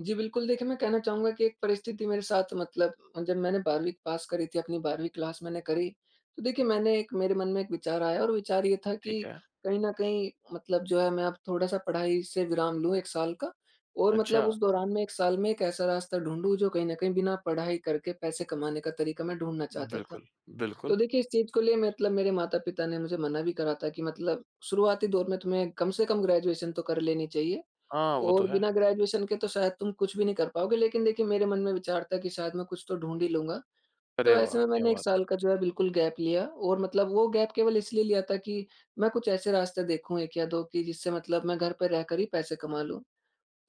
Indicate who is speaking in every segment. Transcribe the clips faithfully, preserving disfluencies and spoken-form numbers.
Speaker 1: जी बिल्कुल। देखिए, मैं कहना चाहूँगा कि एक परिस्थिति मेरे साथ मतलब जब मैंने बारहवीं पास करी थी अपनी बारहवीं क्लास मैंने करी तो देखिए मैंने एक मेरे मन में एक विचार आया और विचार ये था कि
Speaker 2: ठीक है।
Speaker 1: कहीं न कहीं मतलब जो है मैं अब थोड़ा-सा पढ़ाई से विराम लूँ एक साल का। और मतलब
Speaker 2: अच्छा।
Speaker 1: उस दौरान मैं एक साल में एक ऐसा रास्ता ढूँढूँ जो कहीं न कहीं बिना पढ़ाई करके पैसे कमाने का तरीक़ा मैं ढूँढना चाहता था।
Speaker 2: बिल्कुल। बिल्कुल।
Speaker 1: तो देखिए इस चीज़ के लिए मतलब मेरे माता-पिता ने मुझे मना भी करा था कि मतलब शुरुआती दौर में तुम्हे कम से कम ग्रेजुएशन तो कर लेनी चाहिए।
Speaker 2: हाँ, वो तो
Speaker 1: और
Speaker 2: है।
Speaker 1: बिना ग्रेजुएशन के तो शायद तुम कुछ भी नहीं कर पाओगे लेक़िन देखिए मेरे मन में विचार था कि शायद मैं कुछ तो ढूँढ़ ही लूँगा।
Speaker 2: अरे
Speaker 1: तो ऐसे
Speaker 2: वाह!
Speaker 1: में
Speaker 2: क्या
Speaker 1: मैंने एक
Speaker 2: बात है।
Speaker 1: साल का जो है बिल्कुल गैप लिया और मतलब वो गैप केवल इसलिए लिया था कि मैं कुछ ऐसे रास्ते देखूँ एक या दो कि जिससे मतलब मैं घर पर रहकर ही पैसे कमा लूँ।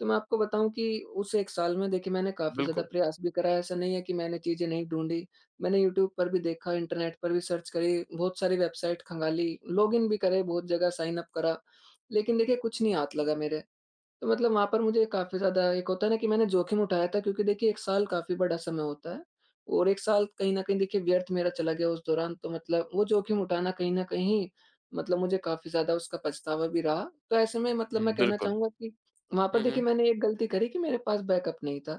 Speaker 1: तो मैं आपको बताऊँ कि उस एक साल में देखिए मैंने काफ़ी ज़्यादा
Speaker 2: बिल्कुल।
Speaker 1: प्रयास भी करा ऐसा नहीं है कि मैंने चीज़ें नहीं ढूँढी। मैंने यूट्यूब पर भी देखा इंटरनेट पर भी सर्च करी बहुत सारी वेबसाइट खंगाली लॉगिन भी करे बहुत जगह साइन उप करा। लेक़िन देखिए कुछ नहीं हाथ लगा मेरे। तो मतलब वहाँ पर मुझे काफ़ी ज़्यादा एक होता है ना कि मैंने जोख़िम उठाया था क्योंकि देखिए एक साल काफ़ी समय होता है और एक साल कहीं न कहीं देखिए व्यर्थ मेरा चला गया उस दौरान तो मतलब वो जोख़िम उठाना कहीं न कहीं मतलब मुझे काफ़ी ज़्यादा उसका पछतावा भी रहा। तो ऐसे में मतलब
Speaker 2: हुँ,
Speaker 1: मैं कहना
Speaker 2: बिल्कुल।
Speaker 1: चाहूँगा कि वहाँ पर
Speaker 2: हुँ, हुँ।
Speaker 1: देखिए मैंने एक ग़लती करी कि मेरे पास बैकअप नहीं था।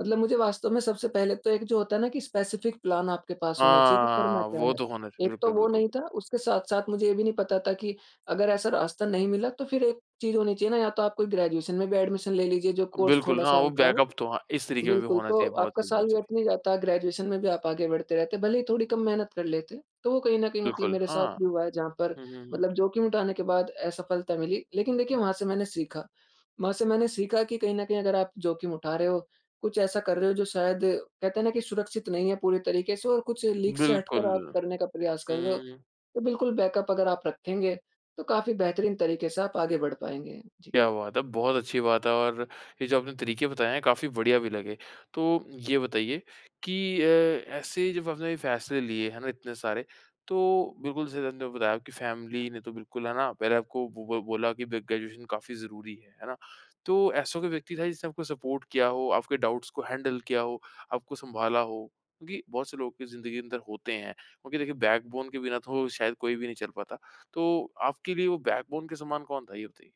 Speaker 1: मतलब मुझे वास्तव में सबसे पहले तो एक जो होता है ना कि स्पेसिफिक प्लान आपके पास होना चाहिए कि करना
Speaker 2: हाँ,
Speaker 1: क्या
Speaker 2: वो
Speaker 1: है।
Speaker 2: तो होना चाहिए।
Speaker 1: एक तो
Speaker 2: बिल्कुल,
Speaker 1: वो
Speaker 2: बिल्कुल।
Speaker 1: नहीं था उसके साथ-साथ मुझे ये भी नहीं पता था कि अगर ऐसा रास्ता नहीं मिला तो फ़िर एक चीज़ होनी चाहिए ना या तो आप कोई ग्रेजुएशन में भी एडमिशन ले लीजिए जो कोर्स
Speaker 2: बिल्कुल हाँ,
Speaker 1: थोड़ा-सा
Speaker 2: वो
Speaker 1: हल्का हो।
Speaker 2: बैकअप तो हाँ, इस तरीक़े में भी
Speaker 1: बिल्कुल,
Speaker 2: होना
Speaker 1: तो
Speaker 2: चाहिए। बहुत
Speaker 1: आपका
Speaker 2: सही
Speaker 1: साल
Speaker 2: बहुत सही।
Speaker 1: व्यर्थ नहीं जाता है ग्रेजुएशन में भी आप आगे बढ़ते रहते हैं भले ही थोड़ी कम मेहनत कर लेते। तो वो कहीं न कहीं मतलब
Speaker 2: बिल्कुल
Speaker 1: मेरे साथ
Speaker 2: हाँ।
Speaker 1: भी हुआ है जहाँ पर
Speaker 2: हुँ, हुँ।
Speaker 1: मतलब जोख़िम उठाने के बाद असफ़लता मिली लेक़िन देखिए वहाँ से मैंने सीखा। वहाँ से मैंने सीखा कि कहीं न कहीं अगर आप जोख़िम उठा रहे हो कुछ ऐसा कर रहे हो जो शायद कहते हैं ना कि सुरक्षित नहीं है पूरी तरीक़े से और कुछ लीग से हटकर
Speaker 2: बिल्कुल।
Speaker 1: आप करने का प्रयास कर रहे हो
Speaker 2: हम्म।
Speaker 1: तो बिल्कुल बैकअप अगर आप रखेंगे तो काफ़ी बेहतरीन तरीक़े से आप आगे बढ़ पाएँगे जी।
Speaker 2: क्या बात है। बहुत अच्छी बात है और ये जो आपने तरीक़े बताएँ हैं काफ़ी बढ़िया भी लगे। तो ये बताइए कि अ, ऐसे ही जब आपने फ़ैसले लिए हैं ना इतने सारे तो बिल्कुल जैसे आपने बताया आपकी फ़ैमिली ने तो बिल्कुल है ना पहले आपको बो बोला कि ग्रेजुएशन काफ़ी ज़रूरी है। है ना? तो ऐसा कोई व्यक्ति था जिसने आपको सपोर्ट किया हो, आपके डाउट्स को हैंडल किया हो, आपको सँभाला हो? क्योंकि बहुत से लोग ज़िंदगी के अंदर होते हैं। क्योंकि देखिए बैकबोन के बिना तो शायद कोई भी नहीं चल पाता। तो आपके लिए वो बैकबोन के समान कौन था ये बताइए?